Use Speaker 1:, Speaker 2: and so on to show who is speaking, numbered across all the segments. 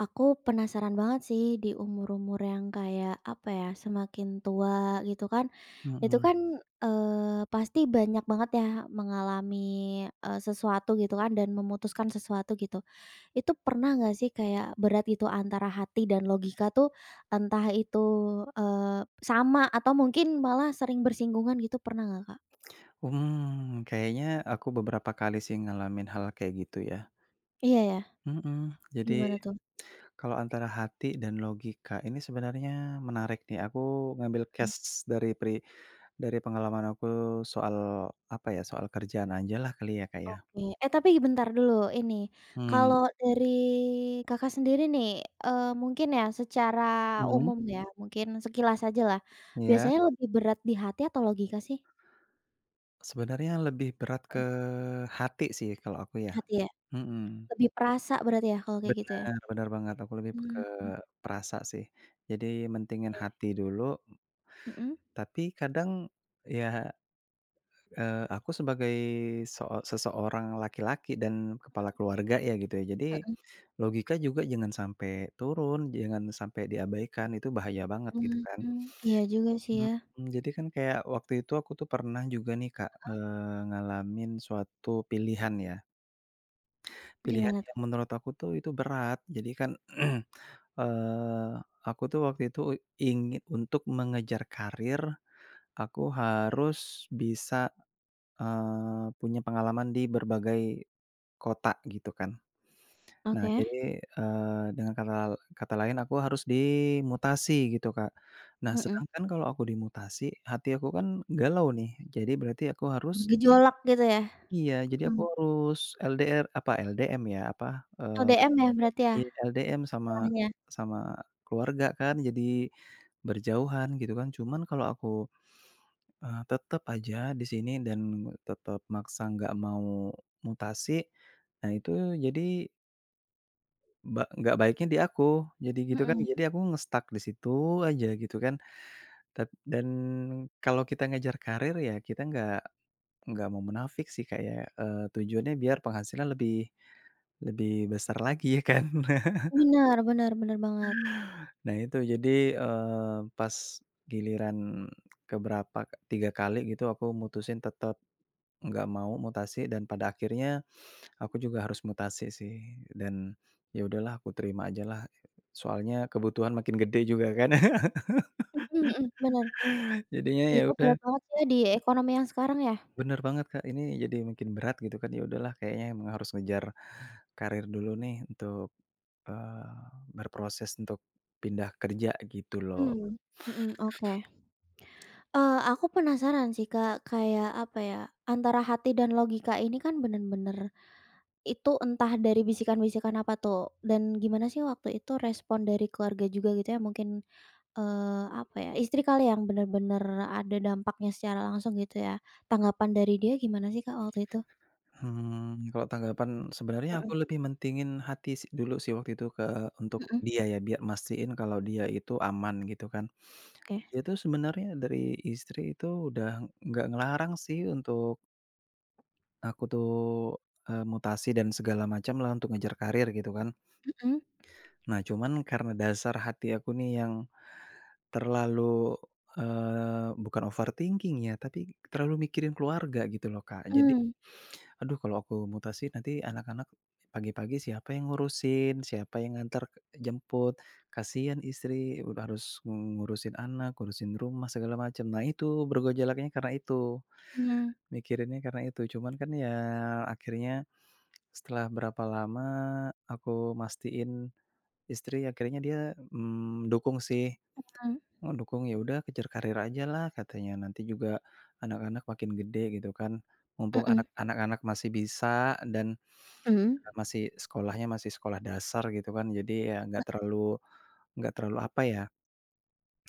Speaker 1: Aku penasaran banget sih di umur-umur yang kayak apa ya semakin tua gitu kan, itu
Speaker 2: Mhm.
Speaker 1: kan, eee, pasti banyak banget ya mengalami, eee, sesuatu gitu kan dan memutuskan sesuatu gitu, itu pernah gak sih kayak berat gitu antara hati dan logika tuh, entah itu, eee, sama atau mungkin malah sering bersinggungan gitu pernah gak, Kak?
Speaker 2: Mmm, kayaknya aku beberapa kali sih ngalamin hal kayak gitu ya.
Speaker 1: Iya ya,
Speaker 2: Mhm, jadi,
Speaker 1: gimana tuh?
Speaker 2: kalau antara hati dan logika ini sebenarnya menarik nih aku ngambil
Speaker 1: Mmm.
Speaker 2: case dari peri dari pengalaman aku soal apa ya, soal kerjaan ajalah kali ya, Kak ya.
Speaker 1: Oke, eh, tapi bentar dulu ini,
Speaker 2: Mmm.
Speaker 1: kalau dari Kakak sendiri nih, eee, mungkin ya secara
Speaker 2: Mmm.
Speaker 1: umum ya mungkin sekilas ajalah,
Speaker 2: Iya.
Speaker 1: biasanya lebih berat di hati atau logika sih?
Speaker 2: Sebenarnya lebih berat
Speaker 1: Mhm.
Speaker 2: ke hati sih kalau aku ya,
Speaker 1: Hati ya,
Speaker 2: mhm.
Speaker 1: lebih perasa berarti ya kalau kayak gitu ya.
Speaker 2: Benar benar banget aku lebih ke
Speaker 1: Mhm.
Speaker 2: perasa sih, jadi mentingin hati dulu.
Speaker 1: Mhm.
Speaker 2: Tapi kadang, ya, eee, aku sebagai seo seseorang laki-laki dan kepala keluarga ya gitu ya jadi,
Speaker 1: Mhm.
Speaker 2: logika juga jangan sampai turun jangan sampai diabaikan itu bahaya banget gitu kan.
Speaker 1: Mmm, iya juga sih ya.
Speaker 2: Mhm, jadi kan kayak waktu itu aku tuh pernah juga nih Kak,
Speaker 1: Heeh.
Speaker 2: eee, ngalamin suatu pilihan ya. Pilihan
Speaker 1: Gimana
Speaker 2: yang
Speaker 1: tuh?
Speaker 2: menurut aku tuh itu berat jadi kan, eee, aku tuh waktu itu ingin untuk mengejar karier, aku harus bisa, eee, punya pengalaman di berbagai, kota gitu kan, nah
Speaker 1: Oke.
Speaker 2: jadi, eee, dengan kanal kata lain aku harus dimutasi gitu Kak, nah
Speaker 1: Mhm.
Speaker 2: sedangkan kalau aku dimutasi hati aku kan galau nih jadi berarti aku harus
Speaker 1: Bergejolak gitu ya,
Speaker 2: Iya jadi aku
Speaker 1: mhm.
Speaker 2: harus LDR apa LDM ya apa, eee,
Speaker 1: LDM ya berarti ya,
Speaker 2: iya LDM sama
Speaker 1: istilahnya.
Speaker 2: sama keluarga kan jadi, berjauhan gitu kan cuman kalau aku, eee, tetap aja di sini dan tetap maksa gak mau mutasi, nah itu jadi Mbak, gak baiknya di aku. Jadi gitu kan
Speaker 1: Mhm.
Speaker 2: jadi aku nge-stuck di situ aja, gitu kan. Tad dan kalau kita ngejar karir ya kita gak gak mau munafik sih kayak, eee, tujuannya biar penghasilan lebih lebih besar lagi ya kan?
Speaker 1: Bener bener bener banget.
Speaker 2: Nah itu jadi, eee, pas, giliran ke berapa ka 3 kali gitu aku mutusin tetap, gak mau mutasi dan pada akhirnya, aku juga harus mutasi sih dan ya udahlah aku terima aja lah. Soalnya kebutuhan makin gede juga kan.
Speaker 1: Mhm mhm, bener.
Speaker 2: Jadinya ya
Speaker 1: Hidup berat
Speaker 2: udah.
Speaker 1: banget ya di ekonomi yang sekarang ya?
Speaker 2: Bener banget, Kak, ini jadi makin berat gitu kan. Ya udahlah kayaknya emang harus ngejar, karir dulu nih untuk, eee, berproses untuk pindah kerja gitu loh.
Speaker 1: Mmm, mhm, oke, eee, aku penasaran sih, Kak, kayak apa ya antara hati dan logika ini kan bener-bener, itu entah dari bisikan-bisikan apa tuh dan gimana sih waktu itu respon dari keluarga juga gitu ya mungkin, eee, apa ya istri kali yang bener-bener ada dampaknya secara langsung gitu ya? Tanggapan dari dia gimana sih, Kak, waktu itu?
Speaker 2: Hmm, kalau tanggapan, sebenarnya aku
Speaker 1: Mhm.
Speaker 2: lebih mentingin hati si dulu sih waktu itu ke untuk
Speaker 1: Mhm.
Speaker 2: dia ya bia mastiin kalau dia itu aman gitu kan.
Speaker 1: Oke.
Speaker 2: Dia tuh sebenarnya dari istri itu udah gak ngelarang sih untuk aku tuh, eee, mutasi dan segala macam lah untuk ngejar karir gitu kan.
Speaker 1: Mhm.
Speaker 2: Nah cuman karena dasar hati aku nih yang, terlalu, eee, bukan overthinking ya tapi terlalu mikirin keluarga gitu loh, Kak. Jadi,
Speaker 1: Mmm.
Speaker 2: aduh kalau aku mutasi nanti anak-anak pagi-pagi siapa yang ngurusin, siapa yang ngantar ke jemput. Kasihan istri udah harus mengurusin anak, urusin rumah segala macam. Nah itu bergejolaknya karena itu.
Speaker 1: Mmm.
Speaker 2: Mikirinnya karena itu. Cuman kan ya akhirnya setelah berapa lama aku mastiin, istri akhirnya dia, mmm, dukung sih.
Speaker 1: Mhm.
Speaker 2: Oh dukung, ya udah kejar karir aja lah katanya nanti juga, anak-anak makin gede gitu kan. Mumpung
Speaker 1: Mhm.
Speaker 2: anak anak-anak masih bisa dan,
Speaker 1: Mhm.
Speaker 2: [unintelligible] masih sekolahnya masih sekolah dasar gitu kan. Jadi ya
Speaker 1: E
Speaker 2: gak terlalu gak terlalu apa ya?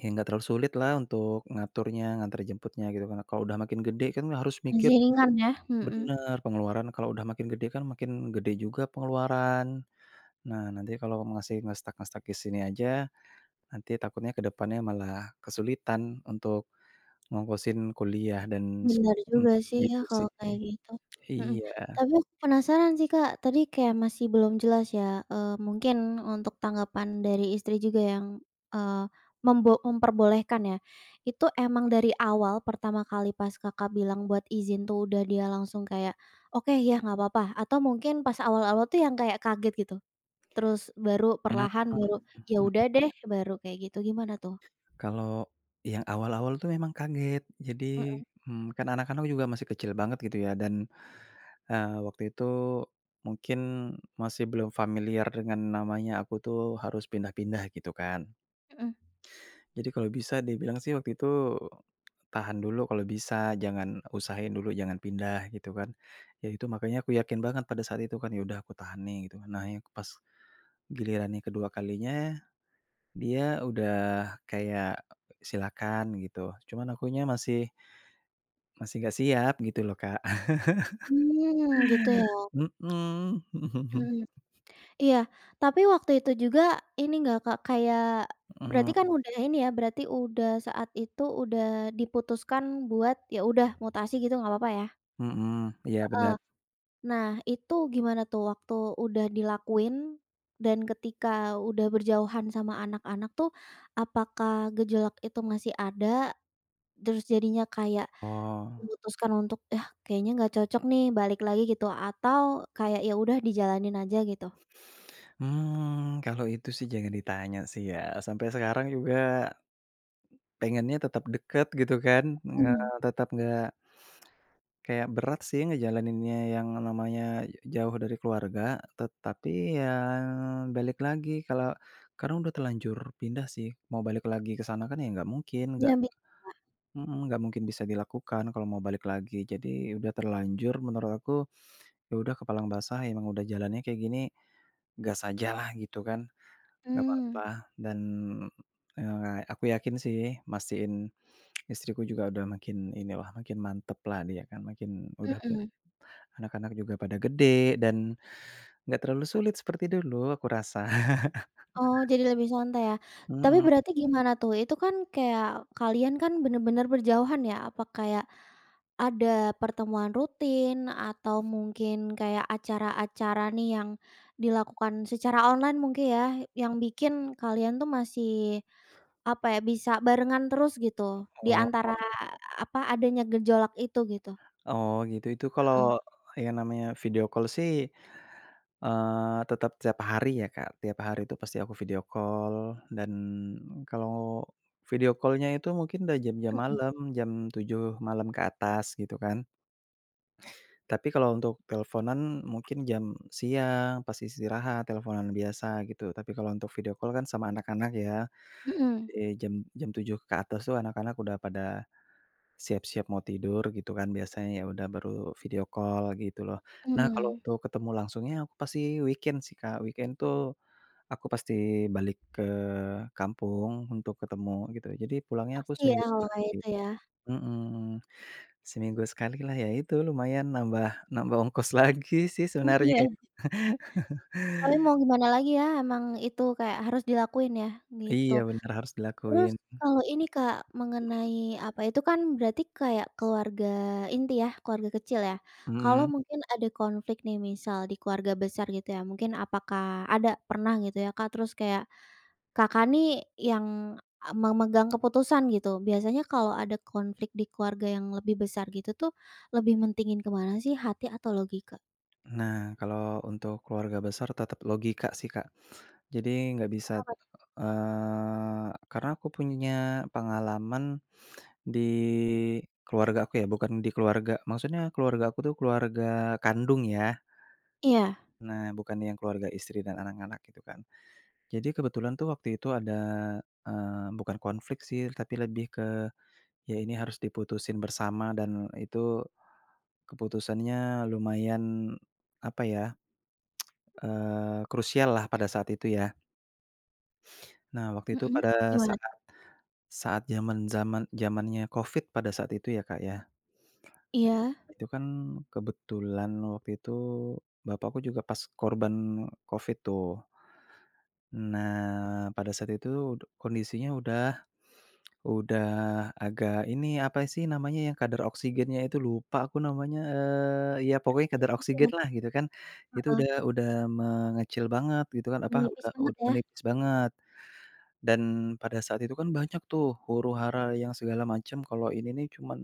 Speaker 2: Ya gak terlalu sulit lah untuk ngaturnya ngantar jemputnya gitu. Karena kalau udah makin gede kan harus mikir
Speaker 1: Masih ringan ya? Mhm.
Speaker 2: bener, pengeluaran kalau udah makin gede kan makin gede juga pengeluaran. Nah nanti kalau masih nge-stuck nge-stuck di sini aja, nanti takutnya ke depannya malah kesulitan untuk, ngongkosin kuliah dan seko
Speaker 1: Bener
Speaker 2: mmm,
Speaker 1: juga sih ya
Speaker 2: gitu
Speaker 1: kalau
Speaker 2: sih.
Speaker 1: kayak gitu, mhm.
Speaker 2: Iya.
Speaker 1: Tapi aku penasaran sih, Kak, tadi kayak masih belum jelas ya, eee, mungkin untuk tanggapan dari istri juga yang, eee, membo memperbolehkan ya. Itu emang dari awal pertama kali pas, Kakak, bilang buat izin tuh udah dia langsung kayak, "oke ya nggak apa-apa," atau mungkin pas awal-awal tuh yang kayak kaget gitu? Terus baru
Speaker 2: Mhm
Speaker 1: perlahan baru,
Speaker 2: mhm
Speaker 1: "ya
Speaker 2: mhm.
Speaker 1: udah deh," baru kayak gitu gimana tuh?
Speaker 2: Kalau, yang awal-awal tuh memang kaget. Jadi,
Speaker 1: Mhm.
Speaker 2: mmm, kan anak-anak juga masih kecil banget gitu ya dan, eee, waktu itu mungkin masih belum familiar dengan namanya aku tuh harus pindah-pindah gitu kan.
Speaker 1: Mhm.
Speaker 2: Jadi kalau bisa dibilang sih waktu itu, tahan dulu kalau bisa jangan usahain dulu jangan pindah gitu kan. Ya itu makanya aku yakin banget pada saat itu kan ya udah aku tahan nih gitu kan. Nah yak pas giliran yang kedua kalinya dia udah kayak, silakan gitu. Cuman akunya masih masih gak siap gitu loh, Kak.
Speaker 1: Hmm, gitu ya.
Speaker 2: Mhm.
Speaker 1: Mhm, iya. Tapi waktu itu juga ini nggak, Kak, kayak, berarti
Speaker 2: Eee
Speaker 1: kan udah ini ya berarti udah saat itu udah diputuskan buat ya udah mutasi gitu gak apa-apa ya?
Speaker 2: Mhm, iya
Speaker 1: Heeh.
Speaker 2: benar.
Speaker 1: Nah itu gimana tuh waktu udah dilakuin, dan ketika udah berjauhan sama anak-anak tuh, apakah gejolak itu masih ada? Terus jadinya kayak,
Speaker 2: Oh.
Speaker 1: memutuskan untuk yah kayaknya gak cocok nih balik lagi gitu atau kayak ya udah dijalanin aja gitu?
Speaker 2: Hmm, kalau itu sih jangan ditanya sih ya. Sampai sekarang juga, pengennya tetap deket gitu kan. Nga
Speaker 1: Mhm.
Speaker 2: tetap nggak kayak berat sih ngejalaninnya yang namanya ja jauh dari keluarga. Tetapi ya balik lagi kalau karena udah terlanjur pindah sih mau balik lagi ke sana kan ya nggak mungkin, nggak
Speaker 1: Ya mik Kak.
Speaker 2: mhm, nggak mungkin bisa dilakukan kalau mau balik lagi. Jadi udah terlanjur menurut aku, ya udah kepalang basah emang udah jalannya kayak gini. Gas aja lah gitu kan. Gak
Speaker 1: Mmm.
Speaker 2: apa-apa dan, eee, aku yakin sih mastiin, istriku juga udah makin inilah makin mantep lah dia kan makin udah pe
Speaker 1: Mhm.
Speaker 2: anak-anak juga pada gede dan, gak terlalu sulit seperti dulu aku rasa.
Speaker 1: Oh jadi lebih santai ya. Tapi
Speaker 2: Mhm.
Speaker 1: berarti gimana tuh itu kan kayak kalian kan bener-bener berjauhan ya apa kayak, ada pertemuan rutin atau mungkin kayak acara-acara nih yang dilakukan secara online mungkin ya yang bikin kalian tuh masih, apa ya bisa barengan terus gitu di
Speaker 2: Oh.
Speaker 1: antara apa adanya gejolak itu gitu?
Speaker 2: Oh gitu itu
Speaker 1: Heeh.
Speaker 2: kalau, yang namanya video call sih, eee, tetap tiap hari ya, Kak. Tiap hari tuh pasti aku video call dan kalau video call-nya itu mungkin dah jam-jam
Speaker 1: Mhm.
Speaker 2: malam, jam 7 malam ke atas gitu kan. Tapi kalau untuk teleponan mungkin jam siang pas istirahat teleponan biasa gitu. Tapi kalau untuk video call kan sama anak-anak ya,
Speaker 1: Mhm.
Speaker 2: eee, jam jam 7 ke atas tuh anak-anak udah pada, siap-siap mau tidur gitu kan biasanya ya udah baru video call gitu loh. Nah kalau
Speaker 1: Mmm.
Speaker 2: untuk ketemu langsungnya aku pasti weekend sih, Kak. Weekend tuh, aku pasti balik ke kampung untuk ketemu gitu. Jadi pulangnya aku
Speaker 1: Pasti ya,
Speaker 2: seminggu
Speaker 1: kalau kayak
Speaker 2: sekali,
Speaker 1: itu ya.
Speaker 2: mhm. Seminggu sekali lah, ya itu lumayan nambah, nambah ongkos lagi sih
Speaker 1: Oh,
Speaker 2: sebenarnya ya.
Speaker 1: iya. Tapi mau gimana lagi ya emang itu kayak harus dilakuin ya? Gitu.
Speaker 2: Iya benar, harus
Speaker 1: Terus
Speaker 2: dilakuin.
Speaker 1: kalau ini, Kak,
Speaker 2: Mhm.
Speaker 1: mengenai apa itu kan berarti kayak keluarga inti ya keluarga kecil ya.
Speaker 2: Mhm
Speaker 1: Kalau
Speaker 2: mhm.
Speaker 1: mungkin ada konflik nih misal di keluarga besar gitu ya mungkin apakah ada pernah gitu ya, Kak? Terus kayak, Kakak, nih yang a memegang keputusan gitu biasanya kalau ada konflik di keluarga yang lebih besar gitu tuh lebih mentingin ke mana sih hati atau logika?
Speaker 2: Nah, kalau untuk keluarga besar tetap
Speaker 1: Mhm.
Speaker 2: logika sih, Kak. Jadi nggak bisa
Speaker 1: Kenapa t
Speaker 2: eee, karena aku punya pengalaman di keluarga aku ya bukan di keluarga, maksudnya keluarga aku tuh keluarga kandung ya.
Speaker 1: Iya.
Speaker 2: Nah, bukan yang keluarga istri dan anak-anak gitu kan. Jadi kebetulan tuh waktu itu ada, eee, bukan konflik sih tapi lebih ke ya ini harus diputusin bersama dan itu keputusannya lumayan apa ya, eee, krusial lah pada saat itu ya. Nah, waktu itu
Speaker 1: Mhm,
Speaker 2: pada
Speaker 1: gimana?
Speaker 2: saat, saat zaman-zaman zamannya Covid pada saat itu ya, Kak, ya.
Speaker 1: Iya.
Speaker 2: Itu kan kebetulan waktu itu, bapakku juga pas korban Covid tuh. Nah, pada saat itu kondisinya udah udah agak ini apa sih namanya, yang kadar oksigennya itu lupa aku namanya, eee, ya pokoknya
Speaker 1: Kritis
Speaker 2: kadar
Speaker 1: gitu
Speaker 2: oksigen
Speaker 1: loh.
Speaker 2: lah gitu kan. Itu
Speaker 1: Heeh.
Speaker 2: udah udah mengecil banget gitu kan, apa
Speaker 1: Menipis
Speaker 2: udah u
Speaker 1: banget ya.
Speaker 2: menipis banget. Dan pada saat itu kan banyak tuh huru-hara yang segala macam kalo ini nih cuman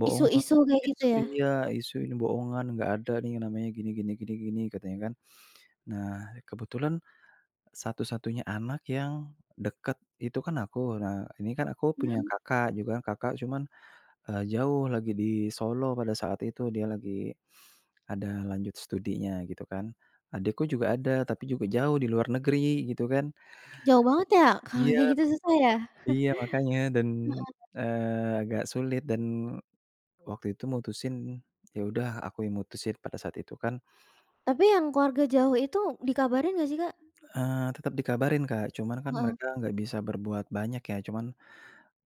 Speaker 2: bohongan
Speaker 1: Isu-isu kayak gitu
Speaker 2: isu
Speaker 1: ya.
Speaker 2: iya, isu ini bohongan, "Nggak ada nih namanya gini gini gini gini," katanya kan. Nah, kebetulan satu-satunya anak yang deket itu kan aku. Nah, ini kan aku punya
Speaker 1: Mhm.
Speaker 2: kakak juga kan kakak cuman, eee, jauh lagi di Solo pada saat itu. Dia lagi ada lanjut studinya gitu kan. Adekku juga ada tapi juga jauh di luar negeri gitu kan.
Speaker 1: Jauh banget ya, kalau
Speaker 2: Iya
Speaker 1: kayak gitu susah ya.
Speaker 2: iya makanya dan,
Speaker 1: Heeh.
Speaker 2: eee, agak sulit dan waktu itu mutusin ya udah aku yang mutusin pada saat itu kan.
Speaker 1: Tapi, yang keluarga jauh itu dikabarin nggak sih, Kak?
Speaker 2: Eee, tetap dikabarin, Kak. Cuman kan
Speaker 1: Heeh.
Speaker 2: mereka nggak bisa berbuat banyak ya. Cuman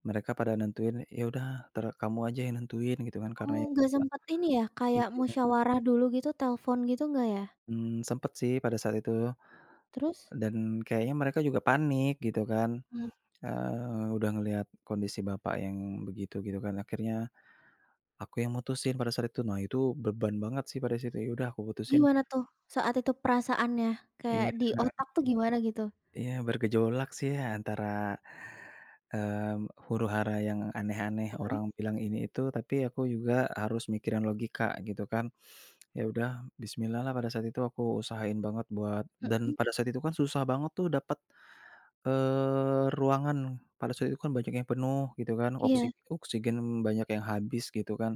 Speaker 2: mereka pada nentuin, "Ya udah entar kamu aja yang nentuin," gitu kan karena
Speaker 1: Oh,
Speaker 2: yang
Speaker 1: nggak
Speaker 2: [unintelligible]
Speaker 1: sempet ini ya kayak
Speaker 2: ijinnya
Speaker 1: musyawarah dulu gitu, telfon gitu, nggak ya?
Speaker 2: Mmm, sempet sih pada saat itu.
Speaker 1: Terus?
Speaker 2: Dan kayaknya mereka juga panik gitu kan.
Speaker 1: Mmm.
Speaker 2: Eee, udah ngelihat kondisi bapak yang begitu, gitu kan. Akhirnya aku yang mutusin pada saat itu. Nah, itu beban banget sih pada saat itu, "Ya udah aku putusin"
Speaker 1: Gimana tuh saat itu perasaannya, kayak
Speaker 2: Iya,
Speaker 1: di
Speaker 2: Kak.
Speaker 1: otak tuh gimana gitu?
Speaker 2: Iya, bergejolak sih antara, mmm, huru-hara yang aneh-aneh
Speaker 1: Heeh.
Speaker 2: orang bilang ini itu. Tapi aku juga harus mikirin logika gitu kan. Ya udah bismillah-lah pada saat itu aku usahain banget buat dan
Speaker 1: Hmm.
Speaker 2: pada saat itu kan susah banget tuh dapat, eee, ruangan. Pada saat itu kan banyak yang penuh gitu kan. Oksi
Speaker 1: Iya.
Speaker 2: oksigen banyak yang habis gitu kan.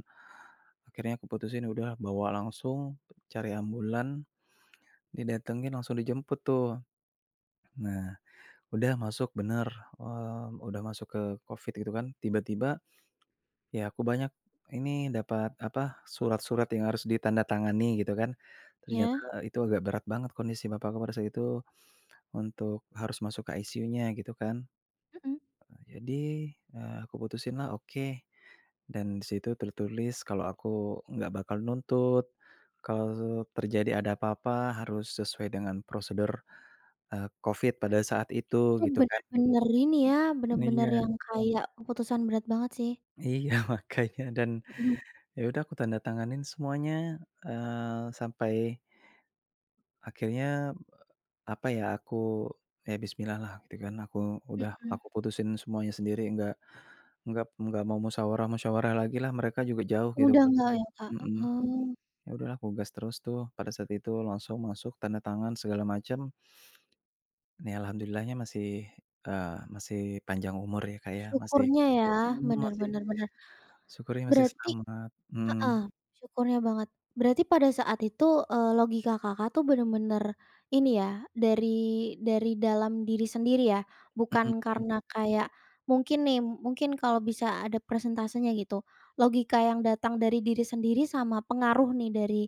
Speaker 2: Akhirnya aku putusin udah bawa langsung, cari ambulans, didatengin langsung dijemput tuh. Nah, udah masuk bener, mmm, udah masuk ke Covid gitu kan. Tiba-tiba, ya aku banyak ini dapat apa, surat-surat yang harus ditandatangani gitu kan.
Speaker 1: Iya.
Speaker 2: Ternyata itu agak berat banget kondisi bapakku pada saat itu untuk harus masuk ke ICU-nya gitu kan.
Speaker 1: Mhm.
Speaker 2: Eee, jadi, eee, aku putusinlah, "Oke," dan di situ tertulis kalo aku nggak bakal nuntut kalo terjadi ada apa-apa harus sesuai dengan prosedur, eee, Covid pada saat itu
Speaker 1: Itu
Speaker 2: gitu kan.
Speaker 1: bener-bener ini ya, bener-bener
Speaker 2: Iya.
Speaker 1: yang kayak keputusan berat banget sih.
Speaker 2: Iya makanya, dan
Speaker 1: Hmm.
Speaker 2: ya udah aku tanda tanganin semuanya, eee, sampai akhirnya apa ya, aku ya bismillah-lah gitu kan. Aku udah
Speaker 1: Mhm.
Speaker 2: aku putusin semuanya sendiri enggak enggak enggak mau musyawarah-musyawarah lagilah. Mereka juga jauh gitu.
Speaker 1: Udah nggak ya, Kak,
Speaker 2: Mhm.
Speaker 1: oh.
Speaker 2: Ya udahlah aku gas terus tuh pada saat itu langsung masuk tanda tangan segala macam. Ya alhamdulillah-nya masih, eee, masih panjang umur ya, Kak, ya masih
Speaker 1: Syukurnya ya
Speaker 2: mmm,
Speaker 1: bener
Speaker 2: masih
Speaker 1: bener bener.
Speaker 2: syukurnya masih
Speaker 1: Berarti
Speaker 2: selamat.
Speaker 1: heeh,
Speaker 2: Mmm.
Speaker 1: syukurnya banget. Berarti pada saat itu, eee, logika Kakak tuh bener-bener ini ya dari dari dalam diri sendiri ya.
Speaker 2: Mmm,
Speaker 1: Bukan
Speaker 2: mhm.
Speaker 1: karena kayak mungkin nih, mungkin kalau bisa ada presentasenya gitu, logika yang datang dari diri sendiri sama pengaruh nih dari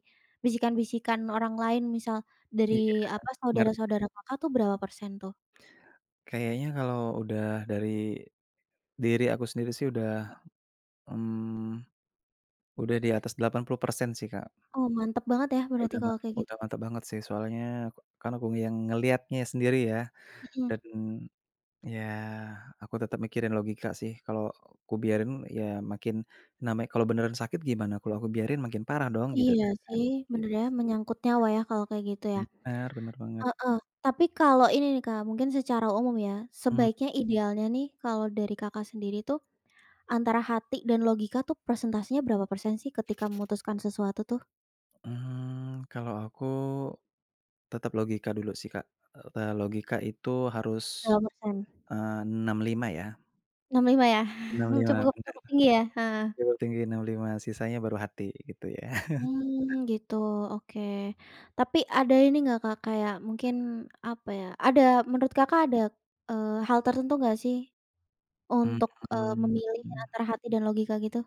Speaker 1: bisikan-bisikan orang lain misal
Speaker 2: Iya
Speaker 1: dari apa,
Speaker 2: ngerti.
Speaker 1: saudara-saudara Kakak tuh berapa persen tuh?
Speaker 2: Kayaknya kalau udah dari diri aku sendiri sih udah, mmm, udah di atas 80% sih, Kak.
Speaker 1: Oh, mantep banget ya berarti
Speaker 2: Udah
Speaker 1: kalau
Speaker 2: mantep
Speaker 1: kayak gitu.
Speaker 2: udah mantep banget sih soalnya kan aku yang ngeliatnya sendiri ya.
Speaker 1: Hmm.
Speaker 2: Dan ya aku tetap mikirin logika sih, kalo kubiarin ya makin namanya kalau beneran sakit gimana kalau aku biarin makin parah dong gitu
Speaker 1: Iya
Speaker 2: kan,
Speaker 1: sih,
Speaker 2: gitu sih.
Speaker 1: bener ya menyangkut nyawa ya kalau kayak gitu ya.
Speaker 2: Bener bener banget.
Speaker 1: Heeh. Tapi kalo ini nih, Kak, mungkin secara umum ya
Speaker 2: Mmm.
Speaker 1: sebaiknya idealnya nih kalau dari Kakak sendiri tuh, antara hati dan logika tuh presentasenya berapa persen sih ketika memutuskan sesuatu tuh?
Speaker 2: Hmm, kalau aku, tetap logika dulu sih, Kak. E e logika itu harus,
Speaker 1: Berapa persen?
Speaker 2: eee, 6 5 ya.
Speaker 1: 6 5 ya?
Speaker 2: 6 5
Speaker 1: Cukup
Speaker 2: benar.
Speaker 1: cukup tinggi ya. Heeh.
Speaker 2: Kalau tinggi 6 5, sisanya baru hati, gitu ya.
Speaker 1: Hmm, gitu. Oke. Tapi ada ini nggak Kak, kayak mungkin, apa ya? Ada menurut Kakak ada, eee, hal tertentu nggak sih
Speaker 2: Mmm.
Speaker 1: untuk, eee,
Speaker 2: Mmm?
Speaker 1: memilih antara hati dan logika gitu?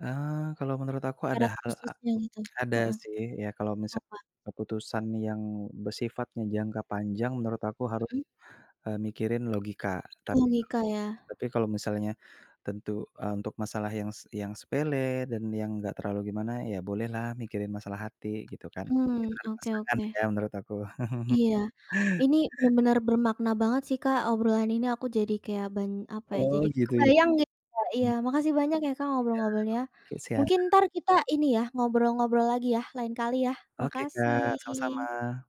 Speaker 2: Eee, kalau menurut aku ada
Speaker 1: Syarat
Speaker 2: hal a
Speaker 1: khususnya, gitu.
Speaker 2: ada
Speaker 1: Heeh.
Speaker 2: sih. Ya, kalau misal
Speaker 1: Apa?
Speaker 2: keputusan yang bersifatnya jangka panjang menurut aku haru
Speaker 1: Mhm?
Speaker 2: eee, mikirin logika. Tapi kalau
Speaker 1: Logika ya?
Speaker 2: tapi kalau misalnya tentu e untuk masalah yang s yang sepele dan yang nggak terlalu gimana ya, bolehlah mikirin masalah hati, gitu kan?
Speaker 1: Hmm.
Speaker 2: Tergantung
Speaker 1: Oke
Speaker 2: pasangan ya,
Speaker 1: oke.
Speaker 2: menurut aku.
Speaker 1: Iya, ini benar bermakna banget sih Kak, obrolan ini aku jadi kayak ban apa ya?
Speaker 2: Oh,
Speaker 1: Jadi
Speaker 2: gitu ya.
Speaker 1: kebayang gitu, Kak. Iya.
Speaker 2: Mmm. Iya.
Speaker 1: Makasih banyak ya Kak, ngobrol-ngobrolnya.
Speaker 2: Oke, siap.
Speaker 1: Mungkin entar kita ini ya, ngobrol-ngobrol lagi ya, lain kali ya?
Speaker 2: Oke, Kak.
Speaker 1: Makasih.
Speaker 2: Sama-sama.